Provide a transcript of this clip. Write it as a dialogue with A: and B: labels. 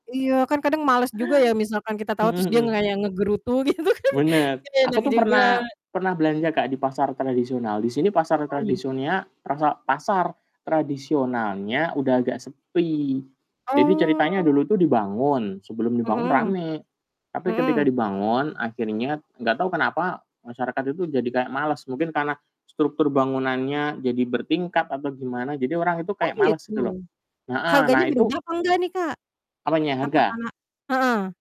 A: Iya, kan kadang males juga ya, misalkan kita tawar
B: Heeh
A: terus dia
B: heeh.
A: kayak nggerutu, gitu kan,
B: Benar.
A: kan
B: Aku
A: enak
B: tuh
A: juga
B: pernah pernah belanja Kak, di pasar tradisional. Di sini pasar
A: Mhm.
B: tradisonnya trasa pasar tradisonalnya udah agak sepi. Jadi
A: Oh.
B: ceritanya dulu itu dibangun, sebelum dibangun
A: Mhm.
B: rame, tapi ketika
A: Mhm.
B: dibangun akhirnya, nggak tau kenapa, masyarakat itu kayak males, mungkin karena struktur bangunannya jadi bertingkat atau gimana, jadi orang itu
A: Oh
B: kayak males
A: gitu,
B: gitu loh. Heeh,
A: harganya
B: nah
A: berubah
B: itu
A: apa nggak nih Kak?
B: Apanya?
A: Apa
B: Harga?
A: karena heeh.